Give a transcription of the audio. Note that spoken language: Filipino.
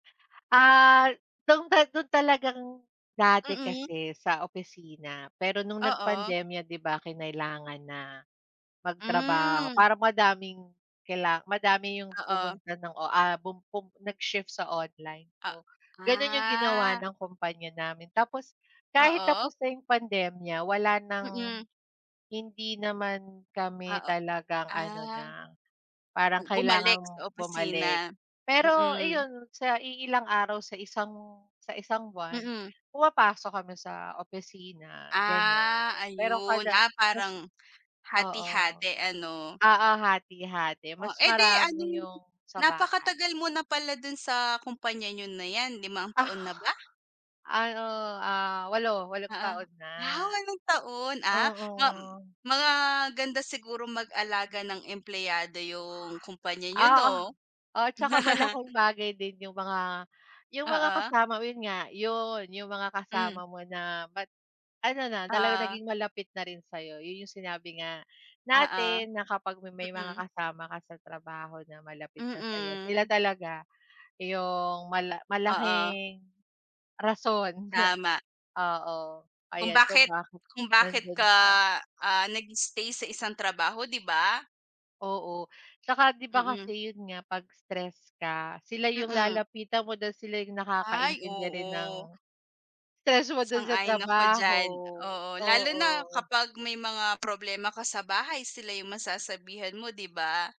Ah, nung ta nung talagang dati Mm. kasi sa opisina. Pero nung Oo. nagpandemya, 'di ba kinailangan na magtrabaho. Mm. Para madaming kaila madami yung Oo. pumunta ng o ah, bum bum nag-shift sa online, A oo. Ganun yung ginawa ah. ng kumpanya namin. Tapos kahit Oo. tapos na yung pandemya wala nang Mm. hindi naman kami Oo, talagang ano na, ah. parang U kailangan bumalik sa opisina. bumalik. Pero Mm. iyon, sa iilang araw sa isang sa isang buwan Mm. pumapasok kami sa opisina, gano'n. Ah, Pero ayun. kada Ah, mas parang oo. hati-hati, ano? Oo, hati-hati Oh, mas eh di ano, marami yung sa napakatagal bahay. mo na pala dun sa kumpanya nyo na 'yan. Limang taon na ba? Ano, ah, 8, walong Oo, taon na. ah, walong taon? Ah Oo. mam maganda siguro mag-alaga ng empleyado 'yung kumpanya niyo Oo, 'no? oo. Tsaka malaking bagay din yung mga yung mga Oo. kasama mo. Yun nga, yun yung mga kasama Hmm. mo na ba't ano na talaga, Ah. naging malapit na rin sa'yo. Yun yung sinabi nga Oo, natin na kapag ma may mga mm. kasama ka sa trabaho na malapit na sa'yo. Sila Mm. talaga yung mala Oo. malaking rason na, Tama. oo, Kung ayan, kung bakit bakit kung bakit nandun ka, pa. ah, nag-stay sa isang trabaho, 'di ba? Oo, tsaka 'di ba, Mm. kasi yun nga, 'pag stressed ka, sila yung Mm. lalapitan mo dahil sila yung Ay, nakakaintindi rin ng oo. stress mo dun sa Sang-ayon ako trabaho, diyan, oo. Lalo na oo. kapag may mga problema ka sa bahay, sila yung masasabihan mo, 'di ba?